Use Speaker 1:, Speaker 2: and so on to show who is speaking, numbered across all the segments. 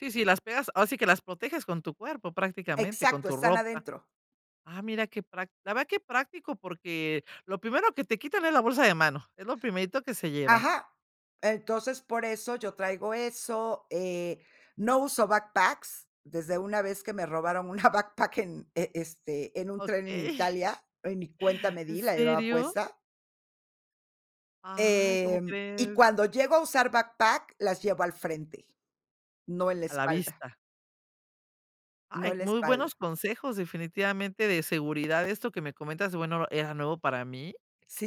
Speaker 1: Sí, sí, las pegas, ahora sí que las proteges con tu cuerpo, prácticamente, con
Speaker 2: Exacto,
Speaker 1: tu
Speaker 2: están
Speaker 1: ropa,
Speaker 2: adentro.
Speaker 1: ah, mira qué prac la verdad qué práctico, porque, lo primero que te quitan es la bolsa de mano, es lo primerito que se llevan.
Speaker 2: Ajá, entonces, por eso yo traigo eso, eh, no uso backpacks desde una vez que me robaron una backpack en, este, en un tren en
Speaker 1: Okey.
Speaker 2: Italia, y ni cuenta me
Speaker 1: ¿En
Speaker 2: di, la llevaba
Speaker 1: serio?
Speaker 2: puesta.
Speaker 1: Ay, ¿cómo
Speaker 2: Em, y
Speaker 1: crees?
Speaker 2: cuando llego a usar backpack, las llevo al frente, no en la
Speaker 1: A la
Speaker 2: espalda.
Speaker 1: vista.
Speaker 2: No
Speaker 1: Ay,
Speaker 2: en la
Speaker 1: muy buenos
Speaker 2: espalda.
Speaker 1: consejos, definitivamente, de seguridad, esto que me comentas, bueno, era nuevo para mí,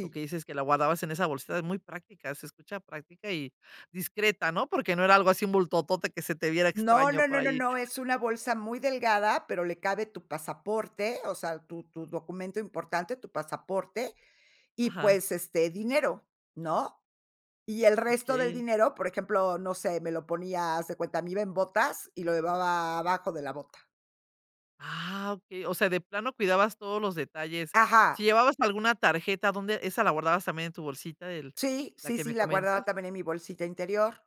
Speaker 1: lo que dices que la guardabas en esa bolsita es muy práctica, se escucha práctica y discreta, ¿no?, porque no era algo así bultotote que se te viera
Speaker 2: No,
Speaker 1: extraño
Speaker 2: no,
Speaker 1: por
Speaker 2: no,
Speaker 1: ahí.
Speaker 2: no, es una bolsa muy delgada, pero le cabe tu pasaporte, o sea, tu tu tu documento importante, tu pasaporte, y
Speaker 1: Ajá.
Speaker 2: pues, este, dinero, ¿no? Y el resto del
Speaker 1: Okey.
Speaker 2: dinero, por ejemplo, no sé, me lo ponía, haz de cuenta, me iba en botas y lo llevaba abajo de la bota.
Speaker 1: Ah, okey, o sea, de plano cuidabas todos los detalles, si
Speaker 2: Ajá.
Speaker 1: llevabas alguna tarjeta, ¿dónde esa la guardabas también en tu bolsita, el,
Speaker 2: Sí,
Speaker 1: la
Speaker 2: sí,
Speaker 1: que
Speaker 2: sí,
Speaker 1: me
Speaker 2: la he guardado
Speaker 1: comentas?
Speaker 2: también en mi bolsita interior,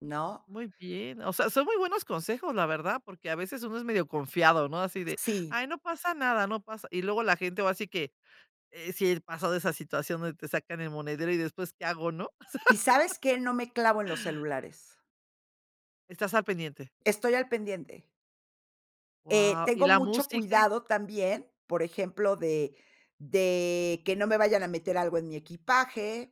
Speaker 2: ¿no?
Speaker 1: Muy bien, o sea, son muy buenos consejos, la verdad, porque a veces uno es medio confiado, ¿no? Así de:
Speaker 2: Sí.
Speaker 1: "Ay, no pasa nada, no pasa", y luego la gente ahora si que sí, he pasado esa situación, te sacan el monedero y después qué hago, ¿no?
Speaker 2: ¿Y sabes qué? No me clavo en los celulares.
Speaker 1: Estás al pendiente.
Speaker 2: Estoy al pendiente. Eh,
Speaker 1: Guau. ¿Y
Speaker 2: tengo
Speaker 1: la
Speaker 2: mucho
Speaker 1: música?
Speaker 2: cuidado también, por ejemplo, de de que no me vayan a meter algo en mi equipaje,